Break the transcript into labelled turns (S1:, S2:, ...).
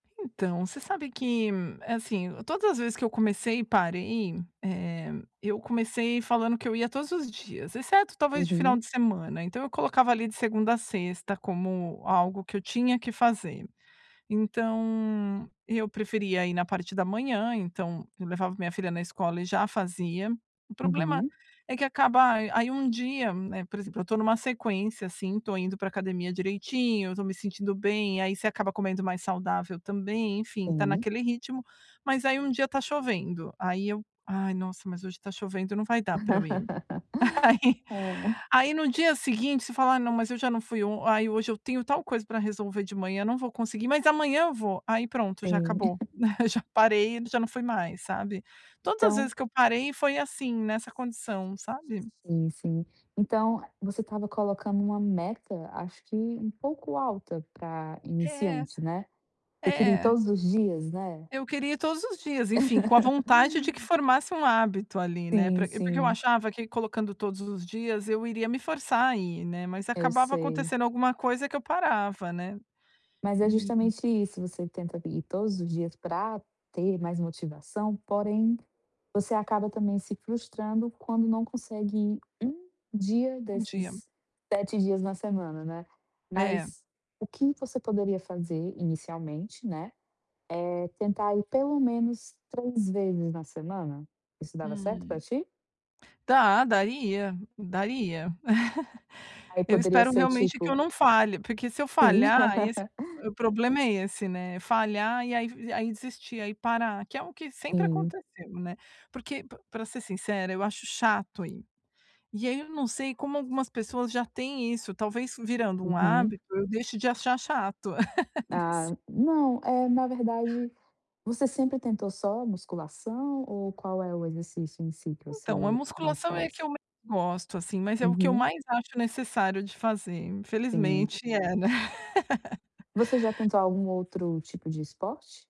S1: Então, você sabe que, assim, todas as vezes que eu comecei e parei, eh, eu comecei falando que eu ia todos os dias exceto, talvez, de final
S2: Uhum.
S1: de semana. Então eu colocava ali de segunda a sexta como algo que eu tinha que fazer, então eu preferia ir na parte da manhã, então eu levava minha filha na escola e já fazia, o problema
S2: Uhum.
S1: é que acaba aí um dia, né, por exemplo, eu estou em uma sequência, assim, estou indo para academia direitinho, eu estou me sentindo bem, aí você acaba comendo mais saudável também, enfim, tá
S2: Sim.
S1: naquele ritmo, mas aí um dia está chovendo, aí eu: "Ai, nossa, mas hoje tá chovendo, não vai dar para eu ir." Aí
S2: Hã.
S1: aí no dia seguinte você fala: "Ah não, mas eu já não fui on aí, hoje eu tenho tal coisa para resolver de manhã, não vou conseguir, mas amanhã eu vou." Aí pronto, já
S2: Sim.
S1: acabou, aí já parei e já não fui mais, sabe? Todas as
S2: Então
S1: vezes que eu parei foi assim, nessa condição, sabe?
S2: Sim, sim. Então você estava colocando uma meta, acho que um pouco alta para
S1: É,
S2: iniciante, né, você queria ir
S1: é.
S2: todos os dias, né.
S1: Eu queria ir todos os dias, enfim, com a vontade de que formasse um hábito ali, né,
S2: Sim,
S1: para porque eu
S2: sim.
S1: achava que colocando todos os dias eu iria me forçar a ir, né, mas
S2: Eu
S1: acabava
S2: sei.
S1: acontecendo alguma coisa que eu parava, né,
S2: Mas é
S1: e
S2: justamente isso, você tenta ir todos os dias para ter mais motivação, porém você acaba também se frustrando quando não consegue ir 1 dia
S1: Um dia.
S2: desses 7 dias na semana, né.
S1: É.
S2: Mas, o que você poderia fazer inicialmente, né, é tentar ir pelo menos 3 vezes na semana. Isso dava certo para
S1: Hum.
S2: ti?
S1: Dá, daria, daria.
S2: Aí
S1: Eu
S2: poderia
S1: espero
S2: ser
S1: realmente que
S2: tipo
S1: eu não falhe, porque se eu
S2: Sim.
S1: falhar, esse o problema é esse, né, falhar e aí aí desistir, aí parar, que é o que sempre
S2: Sim.
S1: aconteceu, né, porque para ser sincera eu acho chato ir, e aí eu não sei como algumas pessoas já têm isso, talvez virando um
S2: Uhum.
S1: hábito, eu deixo de achar chato não sei.
S2: Ah, não é, na verdade, você sempre tentou só musculação ou qual é o exercício em si que
S1: Então, a
S2: você mais
S1: musculação é a
S2: faz?
S1: que eu menos gosto, assim, mas é o que eu
S2: Uhum.
S1: mais acho necessário de fazer
S2: Sim.
S1: infelizmente é, né.
S2: Você já tentou algum outro tipo de esporte?